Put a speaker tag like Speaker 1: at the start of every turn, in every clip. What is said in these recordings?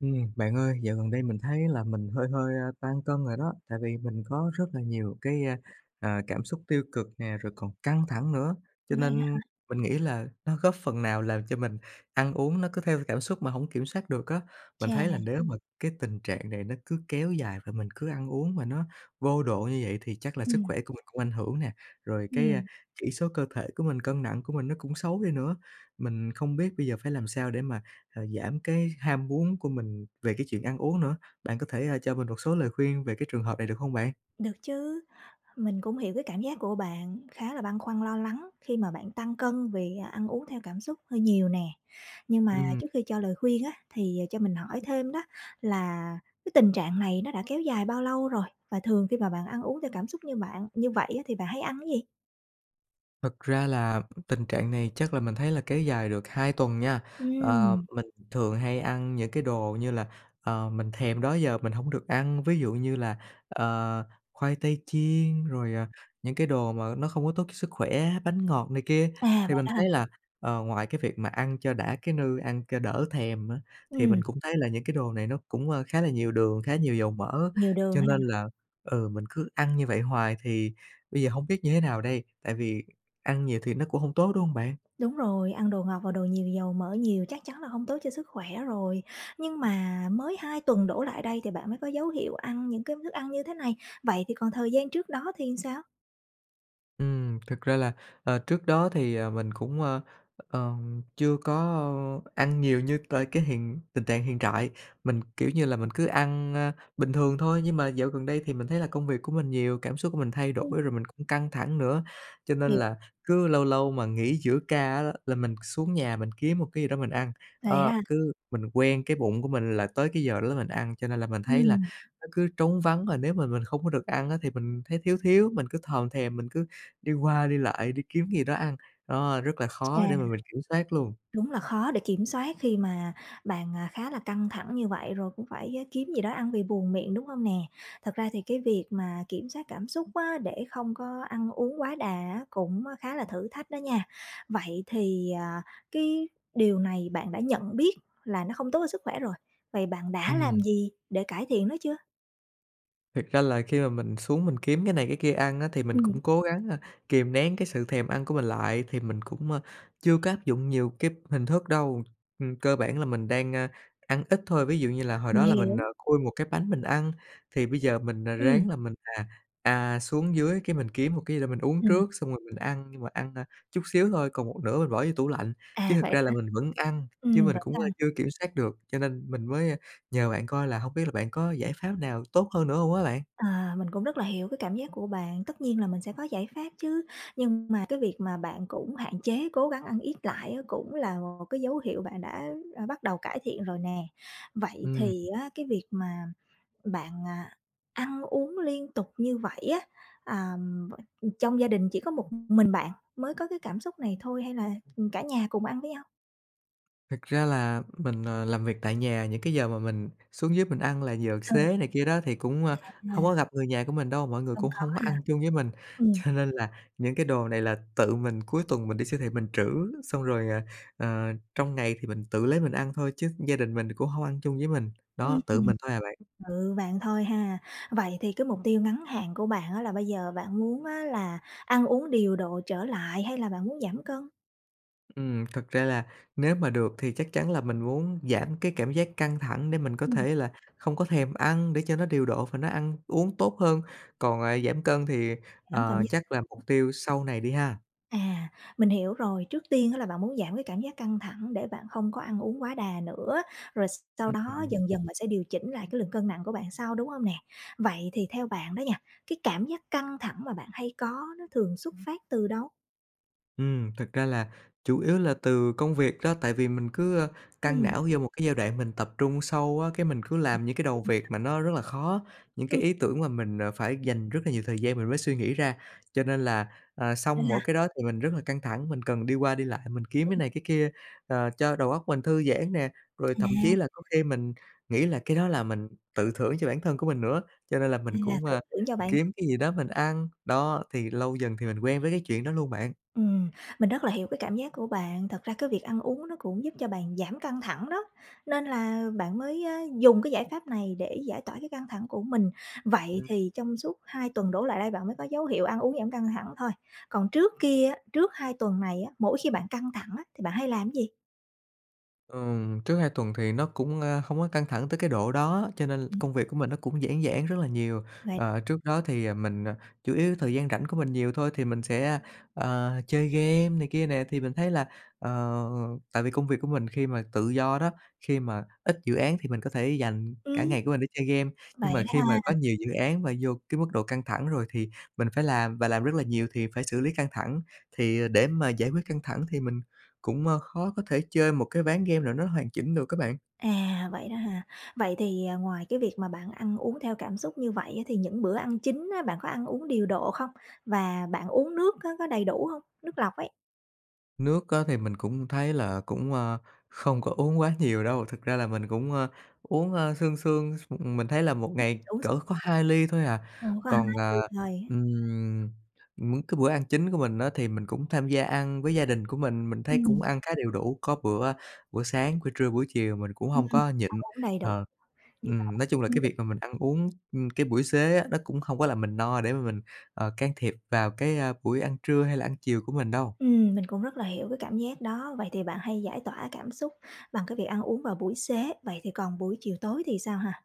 Speaker 1: Ừm, bạn ơi, dạo gần đây mình thấy là mình hơi hơi tăng cân rồi đó, tại vì mình có rất là nhiều cái, à, cảm xúc tiêu cực nè, rồi còn căng thẳng nữa. Cho
Speaker 2: Vậy đó
Speaker 1: nên
Speaker 2: hả?
Speaker 1: mình nghĩ là nó góp phần nào làm cho mình ăn uống nó cứ theo cảm xúc mà hổng kiểm soát được á. Mình
Speaker 2: Chà.
Speaker 1: thấy là nếu mà cái tình trạng này nó cứ kéo dài và mình cứ ăn uống mà nó vô độ như vậy thì chắc là sức
Speaker 2: Ừm.
Speaker 1: khỏe của mình cũng ảnh hưởng nè, rồi cái
Speaker 2: Ừm.
Speaker 1: chỉ số cơ thể của mình, cân nặng của mình nó cũng xấu đi nữa. Mình không biết bây giờ phải làm sao để mà, à, giảm cái ham muốn của mình về cái chuyện ăn uống nữa. Bạn có thể, ờ, cho mình một số lời khuyên về cái trường hợp này được hông bạn?
Speaker 2: Được chứ, mình cũng hiểu cái cảm giác của bạn khá là băn khoăn lo lắng khi mà bạn tăng cân vì ăn uống theo cảm xúc hơi nhiều nè, nhưng mà
Speaker 1: Ừm.
Speaker 2: trước khi cho lời khuyên á thì cho mình hỏi thêm đó là cái tình trạng này nó đã kéo dài bao lâu rồi? Và thường khi mà bạn ăn uống theo cảm xúc như bạn như vậy á thì bạn hay ăn cái gì?
Speaker 1: Thật ra là tình trạng này chắc là mình thấy là kéo dài được 2 tuần nha. Ờ,
Speaker 2: Ừm.
Speaker 1: mình thường hay ăn những cái đồ như là, ờ, mình thèm đó giờ mình hổng được ăn, ví dụ như là, ờ, khoai tây chiên, rồi, à, những cái đồ mà nó không có tốt cho sức khỏe, bánh ngọt này kia.
Speaker 2: À,
Speaker 1: Thì
Speaker 2: vậy
Speaker 1: mình
Speaker 2: đó hả?
Speaker 1: thấy là, ờ, ngoài cái việc mà ăn cho đã cái nư, ăn cho đỡ thèm á, thì mình
Speaker 2: Ừm.
Speaker 1: cũng thấy là những cái đồ này nó cũng khá là nhiều đường, khá là nhiều dầu mỡ,
Speaker 2: Nhiều đường
Speaker 1: cho
Speaker 2: ha.
Speaker 1: nên là, ừ, mình cứ ăn như vậy hoài thì bây giờ hông biết như thế nào đây, tại vì ăn nhiều thì nó cũng hông tốt, đúng hông bạn?
Speaker 2: Đúng rồi, ăn đồ ngọt và đồ nhiều dầu mỡ nhiều chắc chắn là không tốt cho sức khỏe rồi. Nhưng mà mới 2 tuần đổ lại đây thì bạn mới có dấu hiệu ăn những cái thức ăn như thế này, vậy thì còn thời gian trước đó thì làm sao?
Speaker 1: Ừm, thực ra là, ờ, trước đó thì, ờ, mình cũng, ờ, ờm, chưa có ăn nhiều như tới cái hiện tình trạng hiện trại, mình, kiểu như là, mình cứ ăn, ơ, bình thường thôi nhưng mà dạo gần đây thì mình thấy là công việc của mình nhiều, cảm xúc của mình thay
Speaker 2: Ừm.
Speaker 1: đổi, rồi mình cũng căng thẳng nữa. Cho nên
Speaker 2: Hiểu
Speaker 1: là cứ lâu lâu mà nghỉ giữa ca á, là mình xuống nhà mình kiếm một cái gì đó mình ăn,
Speaker 2: Lấy
Speaker 1: ơ,
Speaker 2: ra
Speaker 1: cứ mình quen cái bụng của mình là tới cái giờ đó là mình ăn, cho nên là mình thấy là
Speaker 2: Ừm.
Speaker 1: nó cứ trống vắng, và nếu mà mình không có được ăn á, thì mình thấy thiếu thiếu, mình cứ thòm thèm, mình cứ đi qua đi lại, đi kiếm cái gì đó ăn. Đó, rất là
Speaker 2: Chà!
Speaker 1: khó để mà mình kiểm soát luôn.
Speaker 2: Đúng là khó để kiểm soát khi mà bạn, à, khá là căng thẳng như vậy, rồi cũng phải á kiếm gì đó ăn vì buồn miệng, đúng hông nè? Thật ra thì cái việc mà kiểm soát cảm xúc á, để không có ăn uống quá đà á, cũng khá là thử thách đó nha. Vậy thì, à, cái điều này bạn đã nhận biết là nó không tốt cho sức khỏe rồi, vậy bạn đã làm
Speaker 1: Ừm.
Speaker 2: gì để cải thiện nó chưa?
Speaker 1: Thiệt ra là khi mà mình xuống mình kiếm cái này cái kia ăn á, thì mình
Speaker 2: Ừm.
Speaker 1: cũng cố gắng, a, kìm nén cái sự thèm ăn của mình lại, thì mình cũng, a, chưa có áp dụng nhiều kíp hình thức đâu. Ừm, cơ bản là mình đang, a, ăn ít thôi, ví dụ như là hồi
Speaker 2: Mình
Speaker 1: đó là mình, ờ,
Speaker 2: hiểu.
Speaker 1: khui một cái bánh mình ăn, thì bây giờ mình, à,
Speaker 2: Ừm.
Speaker 1: ráng là mình, à, à, xuống dưới cái mình kiếm một cái gì đó mình uống
Speaker 2: Ừm.
Speaker 1: trước, xong rồi mình ăn nhưng mà ăn, a, chút xíu thôi, còn một nửa mình bỏ vô tủ lạnh, chứ
Speaker 2: À,
Speaker 1: thật
Speaker 2: vậy
Speaker 1: ra là
Speaker 2: hả?
Speaker 1: mình vẫn ăn, chứ
Speaker 2: Ừm,
Speaker 1: mình
Speaker 2: vẫn
Speaker 1: cũng, ơ,
Speaker 2: ăn.
Speaker 1: chưa kiểm soát được. Cho nên mình mới, a, nhờ bạn coi là hông biết là bạn có giải pháp nào tốt hơn nữa hông á bạn?
Speaker 2: À, mình cũng rất là hiểu cái cảm giác của bạn, tất nhiên là mình sẽ có giải pháp chứ, nhưng mà cái việc mà bạn cũng hạn chế cố gắng ăn ít lại á, cũng là một cái dấu hiệu bạn đã, ơ, bắt đầu cải thiện rồi nè. Vậy
Speaker 1: Ừm.
Speaker 2: thì á, cái việc mà bạn, à, ăn uống liên tục như vậy á, à, trong gia đình chỉ có một mình bạn mới có cái cảm xúc này thôi hay là, ừm, cả nhà cùng ăn với nhau?
Speaker 1: Thực ra là mình, ờ, làm việc tại nhà, những cái giờ mà mình xuống dưới mình ăn là giờ
Speaker 2: Ừ,
Speaker 1: xế này kia đó thì cũng, ơ, hông có
Speaker 2: à.
Speaker 1: gặp người nhà của mình đâu, mọi người
Speaker 2: Không
Speaker 1: cũng
Speaker 2: có
Speaker 1: không có
Speaker 2: ha.
Speaker 1: ăn chung với mình.
Speaker 2: Ừm.
Speaker 1: Cho nên là những cái đồ này là tự mình cuối tuần mình đi siêu thị mình trữ, xong rồi, ờ, ờ, trong ngày thì mình tự lấy mình ăn thôi chứ gia đình mình cũng hông ăn chung với mình.
Speaker 2: Ừm.
Speaker 1: Đó, tự mình thôi à bạn.
Speaker 2: Tự bạn thôi ha. Vậy thì cái mục tiêu ngắn hạn của bạn á là bây giờ bạn muốn á, là ăn uống điều độ trở lại hay là bạn muốn giảm cân?
Speaker 1: Ừm, thực ra là nếu mà được thì chắc chắn là mình muốn giảm cái cảm giác căng thẳng để mình có
Speaker 2: Ừm.
Speaker 1: thể là không có thèm ăn để cho nó điều độ và nó ăn uống tốt hơn. Còn, à, giảm cân thì,
Speaker 2: Giảm cảm
Speaker 1: à,
Speaker 2: giác căng
Speaker 1: chắc là mục
Speaker 2: thẳng.
Speaker 1: tiêu sau này đi ha.
Speaker 2: À, mình hiểu rồi, trước tiên á là bạn muốn giảm cái cảm giác căng thẳng để bạn không có ăn uống quá đà nữa, rồi sau
Speaker 1: Ưm
Speaker 2: đó
Speaker 1: hừm.
Speaker 2: dần dần bạn sẽ điều chỉnh lại cái lượng cân nặng của bạn sau, đúng hông nè? Vậy thì theo bạn đó nha, cái cảm giác căng thẳng mà bạn hay có đó thường xuất phát từ đâu?
Speaker 1: Ừm, thực ra là chủ yếu là từ công việc đó, tại vì mình cứ căng
Speaker 2: Ừm.
Speaker 1: não vô một cái giai đoạn mình tập trung sâu á, cái mình cứ
Speaker 2: Tập
Speaker 1: làm những cái đầu
Speaker 2: trung
Speaker 1: việc mà
Speaker 2: sâu
Speaker 1: nó rất là khó, những
Speaker 2: Ừm.
Speaker 1: cái ý tưởng mà mình, à, phải dành rất là nhiều thời gian mình mới suy nghĩ ra. Cho nên là, à,
Speaker 2: Nên
Speaker 1: xong
Speaker 2: là
Speaker 1: mỗi cái đó thì mình rất là căng thẳng, mình cần đi qua đi lại, mình kiếm cái
Speaker 2: Ừm.
Speaker 1: này cái kia, ờ, cho đầu óc mình thư giãn nè, rồi thậm chí
Speaker 2: À.
Speaker 1: là có khi mình nghĩ là cái đó là mình tự thưởng cho bản thân của mình nữa. Cho nên là mình
Speaker 2: À,
Speaker 1: cũng,
Speaker 2: tự
Speaker 1: ơ,
Speaker 2: thưởng cho bản th
Speaker 1: kiếm cái gì đó mình ăn, đó, thì lâu dần thì mình quen với cái chuyện đó luôn bạn.
Speaker 2: Ừm, mình rất là hiểu cái cảm giác của bạn, thật ra cái việc ăn uống nó cũng giúp cho bạn giảm căng thẳng đó, nên là bạn mới dùng cái giải pháp này để giải tỏa cái căng thẳng của mình. Vậy
Speaker 1: Ừ.
Speaker 2: thì trong suốt 2 tuần đổ lại đây bạn mới có dấu hiệu ăn uống giảm căng thẳng thôi, còn trước kia á, trước 2 tuần này á, mỗi khi bạn căng thẳng á thì bạn hay làm gì?
Speaker 1: Ừm, trước 2 tuần thì nó cũng, a, không có căng thẳng tới cái độ đó, cho nên
Speaker 2: Ừm.
Speaker 1: công việc của mình nó cũng giãn giãn rất là nhiều.
Speaker 2: Vậy
Speaker 1: Ờ, trước đó thì, ờ, mình, à, chủ yếu thời gian rảnh của mình nhiều thôi thì mình sẽ, ờ, chơi game này kia nè, thì mình thấy là, ờ, tại vì công việc của mình khi mà tự do đó, khi mà ít dự án thì mình có thể dành cả
Speaker 2: Ừm.
Speaker 1: ngày của mình để chơi game, nhưng
Speaker 2: Vậy
Speaker 1: mà khi
Speaker 2: đó
Speaker 1: mà có
Speaker 2: ha.
Speaker 1: nhiều dự án mà vô cái mức độ căng thẳng rồi thì mình phải làm và làm rất là nhiều thì phải xử lí căng thẳng. Thì để mà giải quyết căng thẳng thì mình cũng, ơ, khó có thể chơi một cái ván game nào nó hoàn chỉnh được á, bạn.
Speaker 2: À, vậy đó ha. Vậy thì, ờ, ngoài cái việc mà bạn ăn uống theo cảm xúc như vậy á, thì những bữa ăn chính á, bạn có ăn uống điều độ không? Và bạn uống nước á, có đầy đủ hông, nước lọc ấy?
Speaker 1: Nước á, thì mình cũng thấy là cũng, a, không có uống quá nhiều đâu. Thực ra là mình cũng, ơ, uống, ơ, sương sương, s mình thấy là 1
Speaker 2: Ừm,
Speaker 1: ngày
Speaker 2: uống
Speaker 1: cỡ có 2 ly thôi à.
Speaker 2: Uống có 2
Speaker 1: Còn, ờ,
Speaker 2: ly thôi.
Speaker 1: ừm, những cái bữa ăn chính của mình á, thì mình cũng tham gia ăn với gia đình của mình, mình thấy cũng
Speaker 2: Ừm.
Speaker 1: ăn khá đều đủ, có bữa bữa sáng, bữa trưa, buổi chiều mình cũng
Speaker 2: Ừm,
Speaker 1: hông có
Speaker 2: ăn
Speaker 1: nhịn.
Speaker 2: uống đầy đủ.
Speaker 1: Ờ,
Speaker 2: Như bạn
Speaker 1: ừm,
Speaker 2: phải
Speaker 1: nói
Speaker 2: uống
Speaker 1: chung là
Speaker 2: thêm
Speaker 1: cái
Speaker 2: nước.
Speaker 1: việc mà mình ăn uống, ưm, cái buổi xế á, nó cũng không có làm mình no để mà mình, ờ, can thiệp vào cái, a, buổi ăn trưa hay là ăn chiều của mình đâu.
Speaker 2: Ừm, mình cũng rất là hiểu cái cảm giác đó. Vậy thì bạn hay giải tỏa cảm xúc bằng cái việc ăn uống vào buổi xế, vậy thì còn buổi chiều tối thì sao, ha?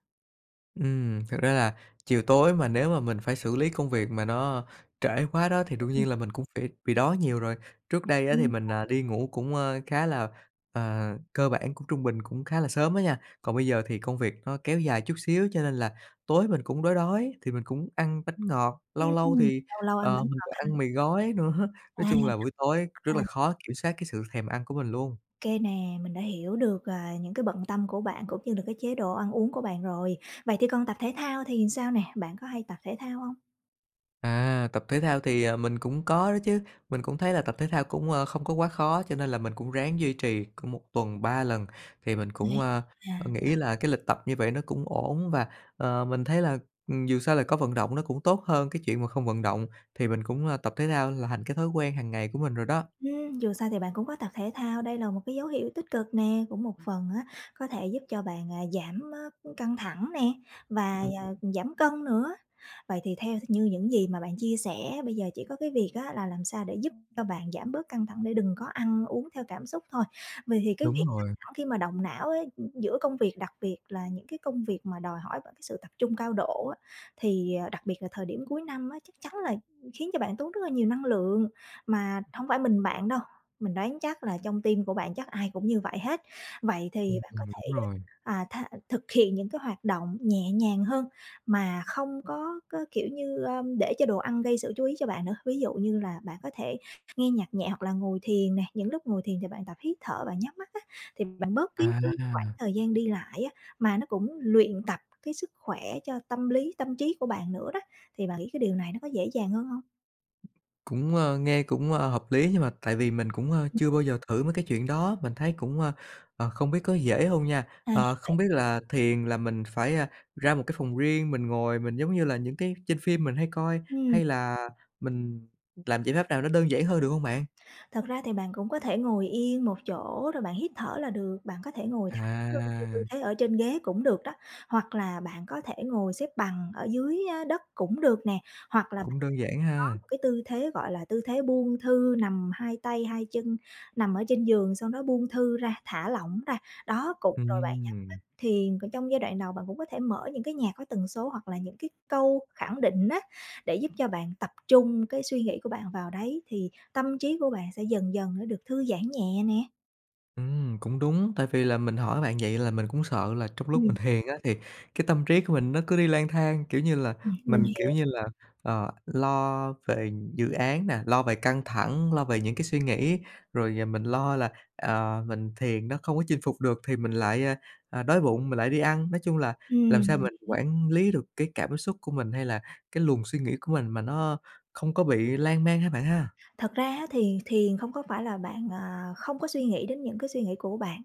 Speaker 1: Ừm, thực ra là chiều tối mà nếu mà mình phải xử lý công việc mà nó trễ quá đó thì đương
Speaker 2: Ừm.
Speaker 1: nhiên là mình cũng phải bị đói nhiều rồi. Trước đây á thì
Speaker 2: Ừm.
Speaker 1: mình, à, đi ngủ cũng, ơ, khá là, à, cơ bản cũng trung bình cũng khá là sớm á nha, còn bây giờ thì công việc nó kéo dài chút xíu cho nên là tối mình cũng đói đói thì mình cũng ăn bánh ngọt, lâu lâu
Speaker 2: Ừm,
Speaker 1: thì,
Speaker 2: lâu lâu ăn
Speaker 1: ờ,
Speaker 2: bánh
Speaker 1: mình
Speaker 2: ngọt
Speaker 1: còn
Speaker 2: ha.
Speaker 1: ăn mì gói nữa,
Speaker 2: À,
Speaker 1: nói
Speaker 2: ăn mì
Speaker 1: chung là buổi tối rất
Speaker 2: gói,
Speaker 1: là
Speaker 2: à.
Speaker 1: khó kiểm soát cái sự thèm ăn của mình luôn.
Speaker 2: Kê nè, mình đã hiểu được, à, những cái bận tâm của bạn cũng như là cái chế độ ăn uống của bạn rồi. Vậy thì còn tập thể thao thì sao nè, bạn có hay tập thể thao hông?
Speaker 1: À, tập thể thao thì mình cũng có đó chứ, mình cũng thấy là tập thể thao cũng, ơ, không có quá khó cho nên là mình cũng ráng duy trì cũng một tuần 3 lần thì mình cũng,
Speaker 2: Vậy
Speaker 1: ơ,
Speaker 2: à?
Speaker 1: nghĩ là cái lịch tập như vậy nó cũng ổn và, ờ, mình thấy là, ừm, dù sao là có vận động nó cũng tốt hơn cái chuyện mà không vận động, thì mình cũng tập thể thao là thành cái thói quen hàng ngày của mình rồi đó.
Speaker 2: Ưm, dù sao thì bạn cũng có tập thể thao, đây là một cái dấu hiệu tích cực nè, cũng một phần á có thể giúp cho bạn, à, giảm, á, căng thẳng nè và
Speaker 1: Ừm.
Speaker 2: giảm cân nữa. Vậy thì theo th như những gì mà bạn chia sẻ bây giờ chỉ có cái việc á là làm sao để giúp cho bạn giảm bớt căng thẳng để đừng có ăn uống theo cảm xúc thôi. Vậy thì cái
Speaker 1: Đúng
Speaker 2: việc căng
Speaker 1: rồi.
Speaker 2: thẳng khi mà động não ấy giữa công việc, đặc biệt là những cái công việc mà đòi hỏi vào cái sự tập trung cao độ á, thì đặc biệt là thời điểm cuối năm á chắc chắn là khiến cho bạn tốn rất là nhiều năng lượng. Mà hông phải mình bạn đâu, mình đoán chắc là trong team của bạn chắc ai cũng như vậy hết. Vậy thì
Speaker 1: Ừm,
Speaker 2: bạn có
Speaker 1: ừm,
Speaker 2: thể,
Speaker 1: đúng rồi.
Speaker 2: à, tha thực hiện những cái hoạt động nhẹ nhàng hơn mà không có có kiểu như, a, để cho đồ ăn gây sự chú ý cho bạn nữa, ví dụ như là bạn có thể nghe nhạc nhẹ hoặc là ngồi thiền nè. Những lúc ngồi thiền thì bạn tập hít thở bạn nhắm mắt á thì bạn bớt cái cái khoảng
Speaker 1: À.
Speaker 2: thời gian đi lại á, mà nó cũng luyện tập cái sức khỏe cho tâm lý, tâm trí của bạn nữa đó, thì bạn nghĩ cái điều này nó có dễ dàng hơn hông?
Speaker 1: Cũng, ơ, nghe cũng, ơ, hợp lý nhưng mà tại vì mình cũng, ơ, chưa bao giờ thử mấy cái chuyện đó, mình thấy cũng, ờ, ờ, không biết có dễ hông nha.
Speaker 2: À,
Speaker 1: Ờ, Không
Speaker 2: vậy
Speaker 1: biết là thiền là mình phải, a, ra một cái phòng riêng mình ngồi mình giống như là những cái trên phim mình hay coi
Speaker 2: Ừm.
Speaker 1: hay là mình làm giải pháp nào nó đơn giản hơn được hông bạn?
Speaker 2: Thật ra thì bạn cũng có thể ngồi yên một chỗ rồi bạn hít thở là được. Bạn có thể ngồi thẳng lưng theo tư
Speaker 1: À.
Speaker 2: thế ở trên ghế cũng được đó hoặc là bạn có thể ngồi xếp bằng ở dưới á đất cũng được nè hoặc là
Speaker 1: Cũng
Speaker 2: bạn
Speaker 1: đơn giản
Speaker 2: có
Speaker 1: ha.
Speaker 2: một cái tư thế gọi là tư thế buông thư nằm 2 tay, 2 chân, nằm ở trên giường sau đó buông thư ra, thả lỏng ra. Đó cục rồi bạn nhắm
Speaker 1: Ừm.
Speaker 2: thiền, còn trong giai đoạn đầu bạn cũng có thể mở những cái nhạc có tần số hoặc là những cái câu khẳng định á, để giúp cho bạn tập trung cái suy nghĩ của bạn vào đấy thì tâm trí của bạn sẽ dần dần nó được thư giãn nhẹ nè.
Speaker 1: Ừm, cũng đúng, tại vì là mình hỏi bạn vậy là mình cũng sợ là trong lúc mình
Speaker 2: Ừm.
Speaker 1: thiền á thì cái tâm trí của mình nó cứ đi lang thang, kiểu như là,
Speaker 2: Ừm, mình
Speaker 1: mình kiểu
Speaker 2: hiểu.
Speaker 1: như là, ờ, lo về dự án nè, lo về căng thẳng, lo về những cái suy nghĩ rồi mình lo là, ờ, mình thiền nó không có chinh phục được thì mình lại, ờ, đói bụng mình lại đi ăn. Nói chung là làm
Speaker 2: Ừm,
Speaker 1: sao
Speaker 2: mình
Speaker 1: mình
Speaker 2: hiểu.
Speaker 1: quản lý được cái cảm xúc của mình hay là cái luồng suy nghĩ của mình mà nó không có bị lan man ha bạn ha?
Speaker 2: Thật ra á thì thiền không có phải là bạn, à, không có suy nghĩ đến những cái suy nghĩ của bạn.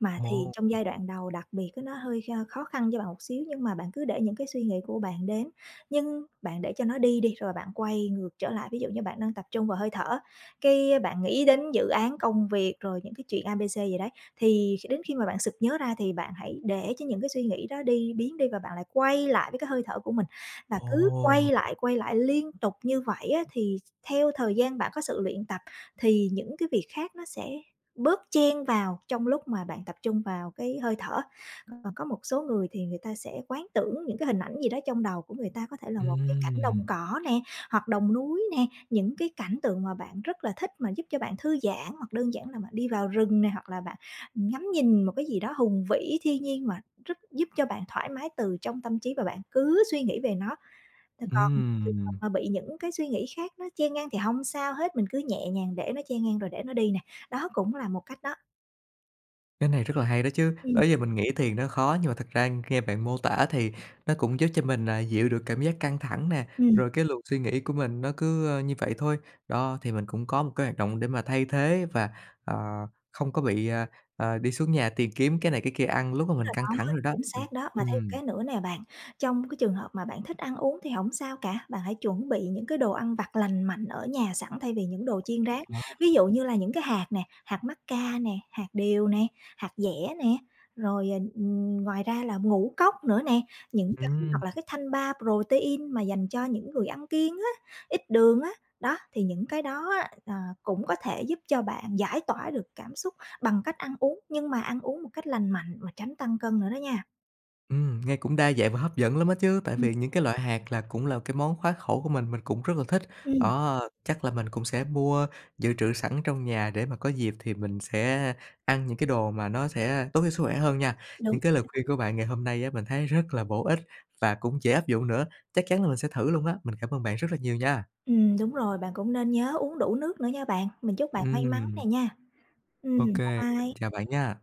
Speaker 2: Mà thiền
Speaker 1: Ồ.
Speaker 2: trong giai đoạn đầu đặc biệt á nó hơi kh khó khăn cho bạn một xíu nhưng mà bạn cứ để những cái suy nghĩ của bạn đến, nhưng bạn để cho nó đi đi rồi bạn quay ngược trở lại. Ví dụ như bạn đang tập trung vào hơi thở, cái bạn nghĩ đến dự án công việc, rồi những cái chuyện A, B, C gì đấy thì đến khi mà bạn sực nhớ ra thì bạn hãy để cho những cái suy nghĩ đó đi biến đi và bạn lại quay lại với cái hơi thở của mình và cứ quay
Speaker 1: Ồ.
Speaker 2: lại, quay lại liên tục như vậy á thì theo thời gian bạn có sự luyện tập, thì những cái việc khác nó sẽ bớt chen vào trong lúc mà bạn tập trung vào cái hơi thở. Còn có một số người thì người ta sẽ quán tưởng những cái hình ảnh gì đó trong đầu của người ta, có thể là một cái cảnh
Speaker 1: Ừm.
Speaker 2: đồng cỏ nè, hoặc đồng núi nè, những cái cảnh tượng mà bạn rất là thích mà giúp cho bạn thư giãn, hoặc đơn giản là bạn đi vào rừng nè hoặc là bạn ngắm nhìn một cái gì đó hùng vĩ, thiên nhiên mà rất giúp cho bạn thoải mái từ trong tâm trí và bạn cứ suy nghĩ về nó. Còn trường hợp
Speaker 1: Ừm.
Speaker 2: mà bị những cái suy nghĩ khác nó chen ngang thì hông sao hết, mình cứ nhẹ nhàng để nó chen ngang rồi để nó đi nè, đó cũng là một cách đó.
Speaker 1: Cái này rất là hay đó chứ! Đó
Speaker 2: Ừm.
Speaker 1: giờ mình nghĩ thiền nó khó nhưng mà thực ra nghe bạn mô tả thì nó cũng giúp cho mình, à, dịu được cảm giác căng thẳng nè,
Speaker 2: Ừm.
Speaker 1: rồi cái luồng suy nghĩ của mình nó cứ như vậy thôi, đó. Thì mình cũng có một cái hoạt động để mà thay thế và, ờ, không có bị, à, à, đi xuống nhà tìm kiếm cái này cái kia ăn lúc mà mình
Speaker 2: Đúng
Speaker 1: căng
Speaker 2: rồi
Speaker 1: thẳng
Speaker 2: đó,
Speaker 1: rồi đó,
Speaker 2: chính
Speaker 1: ừ,
Speaker 2: xác đó! Mà thêm một
Speaker 1: ừm.
Speaker 2: cái nữa nè bạn, trong cái trường hợp mà bạn thích ăn uống thì hổng sao cả, bạn hãy chuẩn bị những cái đồ ăn vặt lành mạnh ở nhà sẵn thay vì những đồ chiên rán.
Speaker 1: À.
Speaker 2: Ví dụ như là những cái hạt nè, hạt mắc ca nè, hạt điều nè, hạt dẻ nè, rồi, ừm, ngoài ra là ngũ cốc nữa nè, những cái
Speaker 1: Ừm.
Speaker 2: hoặc là cái thanh bar protein mà dành cho những người ăn kiêng á, ít đường á, đó, thì những cái đó á, ờ, cũng có thể giúp cho bạn giải tỏa được cảm xúc bằng cách ăn uống, nhưng mà ăn uống một cách lành mạnh mà tránh tăng cân nữa đó nha.
Speaker 1: Ừm, nghe cũng đa dạng và hấp dẫn lắm á chứ, tại
Speaker 2: Ừm.
Speaker 1: vì những cái loại hạt là cũng là cái món khoái khẩu của mình, mình cũng rất là thích,
Speaker 2: Ừm.
Speaker 1: đó. Chắc là mình cũng sẽ mua dự trữ sẵn trong nhà để mà có dịp thì mình sẽ ăn những cái đồ mà nó sẽ tốt cho sức khỏe hơn nha.
Speaker 2: Đúng
Speaker 1: Những cái lời
Speaker 2: rồi đó.
Speaker 1: khuyên của bạn ngày hôm nay á, mình thấy rất là bổ ích và cũng dễ áp dụng nữa. Chắc chắn là mình sẽ thử luôn á, mình cảm ơn bạn rất là nhiều nha.
Speaker 2: Ừm, đúng rồi, bạn cũng nên nhớ uống đủ nước nữa nha bạn. Mình chúc bạn may mắn nè
Speaker 1: Ừm.
Speaker 2: nha. Ừm,
Speaker 1: Ô
Speaker 2: bye
Speaker 1: kê, mình
Speaker 2: bye.
Speaker 1: chào bạn nha.